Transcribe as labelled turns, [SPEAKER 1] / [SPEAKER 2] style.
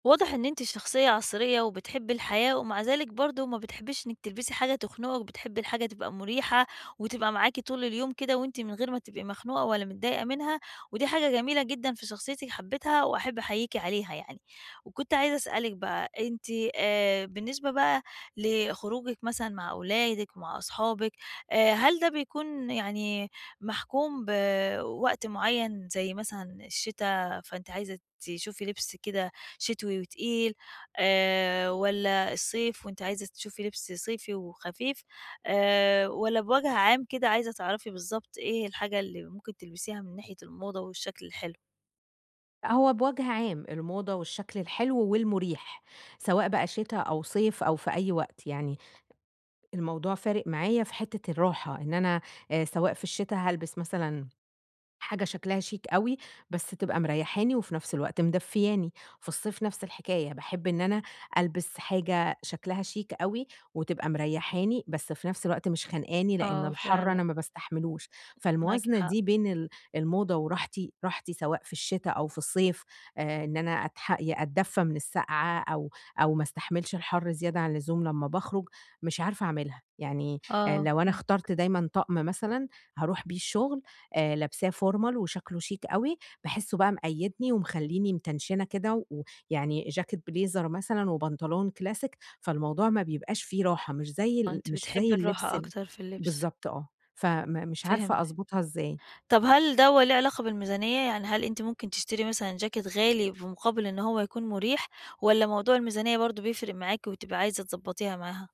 [SPEAKER 1] واضح إن أنتِ شخصيّة عصرية وبتحبي الحياة، ومع ذلك برضه ما بتحبيش إنِّك تلبسي حاجة تخنقِك، وبتحبي الحاجة تبقى مريحة وتبقى معاكِ طول اليوم كده وأنتِ من غير ما تبقي مخنوقة ولا متضايقة منها، ودي حاجة جميلة جدًا في شخصيتِك حبيتها وأحب أحييكِ عليها يعني، وكنت عايزة أسألِك بقى أنتِ آآ بالنسبة بقى لخروجِك مثلًا مع أولادِك ومع أصحابِك، آآ هل ده بيكون يعني محكوم بوقت معيّن زي مثلًا الشتا، فأنتِ عايزة تشوفي لبس كده شتوي وتقيل، آآ والّا الصيف وأنتِ عايزة تشوفي لبس صيفي وخفيف، آآ والّا بوجه عام كده عايزة تعرفي بالضبط إيه الحاجة اللي ممكن تلبسيها من ناحية الموضة والشكل الحلو؟
[SPEAKER 2] هو بوجه عام الموضة والشكل الحلو والمريح، سواء بقى شتا أو صيف أو في أي وقت، يعني الموضوع فارق معايا في حتّة الراحة إن أنا آآ سواء في الشتا هالبس مثلًا حاجة شكلها شيك أوي، بس تبقى مريّحاني وفي نفس الوقت مدفّياني، في الصيف نفس الحكاية باحب إن أنا ألبس حاجة شكلها شيك أوي وتبقى مريّحاني، بس في نفس الوقت مش خنقاني؛ لأن
[SPEAKER 1] آه
[SPEAKER 2] الحر أنا
[SPEAKER 1] فعلًا.
[SPEAKER 2] ما باستحملوش.
[SPEAKER 1] معاكِ
[SPEAKER 2] فالموازنة
[SPEAKER 1] حق.
[SPEAKER 2] دي بين ال الموضة وراحتي، راحتي سواء في الشتا أو في الصيف، آآ إن أنا أتحق أدّفى من السقعة أو أو ما استحملش الحر زيادة عن الزوم، لمّا باخرج مش عارفة أعملها، يعني آآ
[SPEAKER 1] آه
[SPEAKER 2] لو أنا
[SPEAKER 1] فهمتِك.
[SPEAKER 2] اخترت دايمًا طقم مثلًا هاروح بيه الشغل، آآ لابساه formal وشكله شيك أوي، باحسّه بقى مقيّدني ومخليني متنشنة كده، ويعني چاكيت بليزر مثلًا وبنطلون كلاسيك فالموضوع ما بيبقاش في راحة، مش زي
[SPEAKER 1] آه
[SPEAKER 2] ال
[SPEAKER 1] أنتِ
[SPEAKER 2] مش زي
[SPEAKER 1] بتحبي
[SPEAKER 2] اللبس
[SPEAKER 1] الراحة
[SPEAKER 2] ال
[SPEAKER 1] أكتر في اللبس.
[SPEAKER 2] بالضبط آه، فم مش عارفة
[SPEAKER 1] فهمتِك.
[SPEAKER 2] أضبطها إزاي.
[SPEAKER 1] طب هل دوّة ليه علاقة بالميزانيّة؟ يعني هل أنتِ ممكن تشتري مثلًا چاكيت غالي بمقابل إن هو يكون مريح، والّا موضوع الميزانيّة برضه بيفرق معاكِ وبتبقى عايزة تضبّطيها معاها؟